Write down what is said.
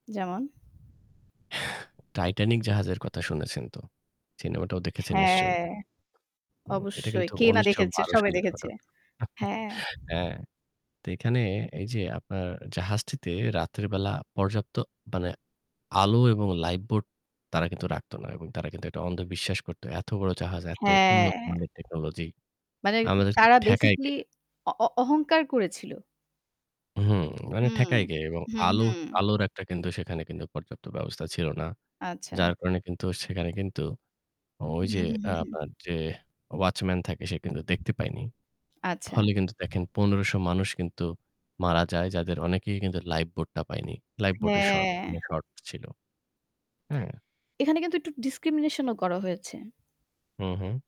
যেমন? টাইটানিক জাহাজের কথা শুনেছেন তো। সিনেমাটাও দেখেছেন নিশ্চয়ই। হ্যাঁ। উম এটা অবশ্যই। কিন্তু কে না উনিশ শ দেখেছে। বারো সবাই সালের দেখেছে। ঘটনা। উম হু। হ্যাঁ। হ্যাঁ। তো এখানে এই যে আপনার জাহাজটিতে রাতের বেলা পর্যাপ্ত মানে আলো এবং লাইফ বোট তারা কিন্তু রাখত না। এবং তারা কিন্তু একটা অন্ধ বিশ্বাস করত। এত বড় জাহাজ এত হ্যাঁ। উন্নত মানের টেকনোলজি মানে আমাদের কে তারা ঠেকায় বেসিক্যালি কে? অ অ অহংকার করেছিল। হুম। মানে হু, ঠেকায় কে এবং হু, আলো হু। আলোর একটা কিন্তু সেখানে কিন্তু পর্যাপ্ত ব্যবস্থা ছিল না। আচ্ছা। যার কারণে কিন্তু সেখানে কিন্তু ঐ হুম, যে হুম, আ হুম। আপনার যে ওয়াচম্যান থাকে সে কিন্তু দেখতে পায়নি। আচ্ছা। ফলে কিন্তু দেখেন ১৫০০ মানুষ কিন্তু মারা যায় যাদের অনেকেই কিন্তু লাইফ বোটটা পায়নি। লাইফ বোটের শর্ট হ্যাঁ। মানে শর্ট ছিল। হ্যাঁ। এখানে কিন্তু একটু ডিসক্রিমিনেশন ও করা হয়েছে। হু, হু।